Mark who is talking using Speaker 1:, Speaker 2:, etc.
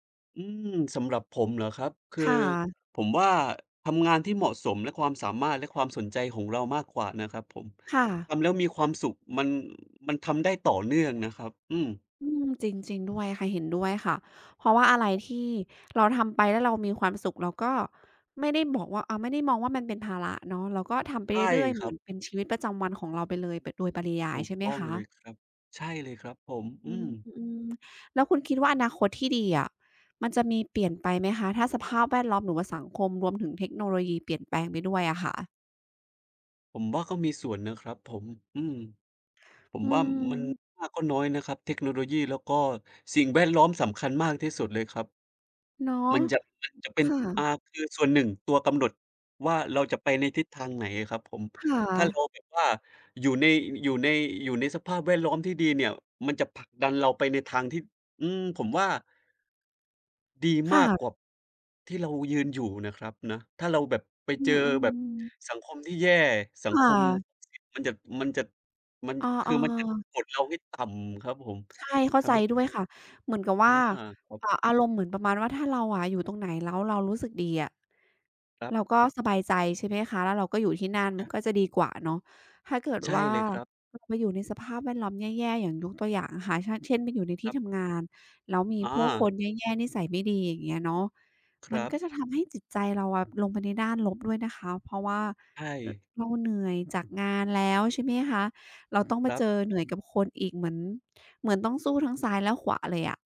Speaker 1: อืม สำหรับผมเหรอครับ คื
Speaker 2: ค
Speaker 1: อ
Speaker 2: ่ะ
Speaker 1: ผมว่าทำงานที่เหมาะสม และความสามารถ และความสนใจของเรามากกว่านะครับผม
Speaker 2: ค่
Speaker 1: ท
Speaker 2: ะ
Speaker 1: ำแล้วมีความสุข มัน มันทำได้ต่อเนื่องนะครับ อืม
Speaker 2: อืม จริง ๆ ด้วยค่ะ เห็นด้วยค่ะ เพราะว่าอะไร
Speaker 1: ครับ
Speaker 2: ที่เราทำไปแล้วเรามีความสุข เราก็ไม่ได้บอกว่า อ่า ไม่ได้มองว่ามันเป็นภาระเนาะ เราก็ทำไป
Speaker 1: ใช
Speaker 2: เ
Speaker 1: ่
Speaker 2: รื่อย ๆ
Speaker 1: ค
Speaker 2: เหม
Speaker 1: ร
Speaker 2: ื
Speaker 1: ั
Speaker 2: อ
Speaker 1: บ
Speaker 2: นเป็นชีวิตประจำวันของเราไปเลย ไปโดยปริยา
Speaker 1: ถ
Speaker 2: ย
Speaker 1: ู
Speaker 2: ใ
Speaker 1: ก
Speaker 2: ช่ไหม
Speaker 1: ต้อง
Speaker 2: คะ?
Speaker 1: เลยครับ ใช่เลยครับผม อ
Speaker 2: อื
Speaker 1: ือ
Speaker 2: ม ๆ แล้วคุณคิดว่าอนาคตที่ดีอะ มันจะมีเปลี่ยนไปไหมคะ ถ้าสภาพแวดล้อม หรือว่าสังคมรวมถึงเทคโนโลยีเปลี่ยนแปลงไปด้วยอะค่ะ?
Speaker 1: ผมว่าก็มีส่วนนะครับผม อือ ผ
Speaker 2: อ
Speaker 1: ม
Speaker 2: ื
Speaker 1: ว่ามันไ
Speaker 2: ม
Speaker 1: ม่มากก็น้อยนะครับ เทคโนโลยี แล้วก็สิ่งแวดล้อมสำคัญมากที่สุดเลยครับ
Speaker 2: เนาะ
Speaker 1: มันจะ มันจะเป็
Speaker 2: ค
Speaker 1: น
Speaker 2: ่
Speaker 1: อา
Speaker 2: ะ
Speaker 1: คือส่วนหนึ่งตัวกำหนดว่า เราจะไปในทิศทางไหนอะครับผม
Speaker 2: ค่
Speaker 1: ถ้าเรา
Speaker 2: ะ
Speaker 1: แบบว่า อยู่ใน อยู่ใน อยู่ในสภาพแวดล้อมที่ดีเนี่ย มันจะผลักดันเราไปในทางที่ อืม ผมว่า ดี
Speaker 2: ค
Speaker 1: ม
Speaker 2: ่
Speaker 1: ากก
Speaker 2: ะ
Speaker 1: ว่าที่เรายืนอยู่นะครับนะ ถ้าเราแบบไป
Speaker 2: อื
Speaker 1: เจอแบบ
Speaker 2: อ ๆ
Speaker 1: สังคมที่แย่ สั
Speaker 2: ค
Speaker 1: งค
Speaker 2: ่
Speaker 1: ม
Speaker 2: ะ
Speaker 1: มันจะ มันจะ มัน
Speaker 2: เ
Speaker 1: ค
Speaker 2: อ
Speaker 1: ื
Speaker 2: อ
Speaker 1: อมันจะ
Speaker 2: ๆ
Speaker 1: กดเราให้ต่ำครับผม
Speaker 2: ใช่ เข้
Speaker 1: ท
Speaker 2: าใจ
Speaker 1: ำให้
Speaker 2: ด้วยค่ะ เหมือนกับว
Speaker 1: อา
Speaker 2: ่า
Speaker 1: ครับ
Speaker 2: เออ อารมณ์เหมือนประมาณว่า ถ้าเราอะอยู่ตรงไหน แล้วเรารู้สึกดีอะ
Speaker 1: ครับ
Speaker 2: เราก็สบายใจ ใช่ไหมคะ แล้วเราก็อยู่ที่นั่น
Speaker 1: อา
Speaker 2: ก็จะดีกว่าเนาะ ถ้าเกิด
Speaker 1: ใช่
Speaker 2: ว่า
Speaker 1: เลยครับ
Speaker 2: เรามาอยู่ในสภาพแวดล้อมแย่ ๆ อย่างยกตัวอย่างนะคะ เช่น ไปอยู่ในท
Speaker 1: ค
Speaker 2: ี่
Speaker 1: รับ
Speaker 2: ทำงาน แล้วมี
Speaker 1: อ๋
Speaker 2: ผู้ค
Speaker 1: อ
Speaker 2: นแย่ ๆ นิสัยไม่ดี อย่างเงี้ยเนาะ
Speaker 1: ค
Speaker 2: ม
Speaker 1: ร
Speaker 2: ัน
Speaker 1: ับ
Speaker 2: ก็จะทำให้จิตใจเราอะ ลงไปในด้านลบด้วยนะคะ เพราะว่า
Speaker 1: ใช่
Speaker 2: เราเหนื่อยจากงานแล้ว ใช่ไหมคะ เราต้องม
Speaker 1: ค
Speaker 2: า
Speaker 1: รั
Speaker 2: เ
Speaker 1: บ
Speaker 2: จอเหนื่อยกับคนอีก เหมือน เหมือนต้องสู้ทั้งซ้าย และขวาเลยอะ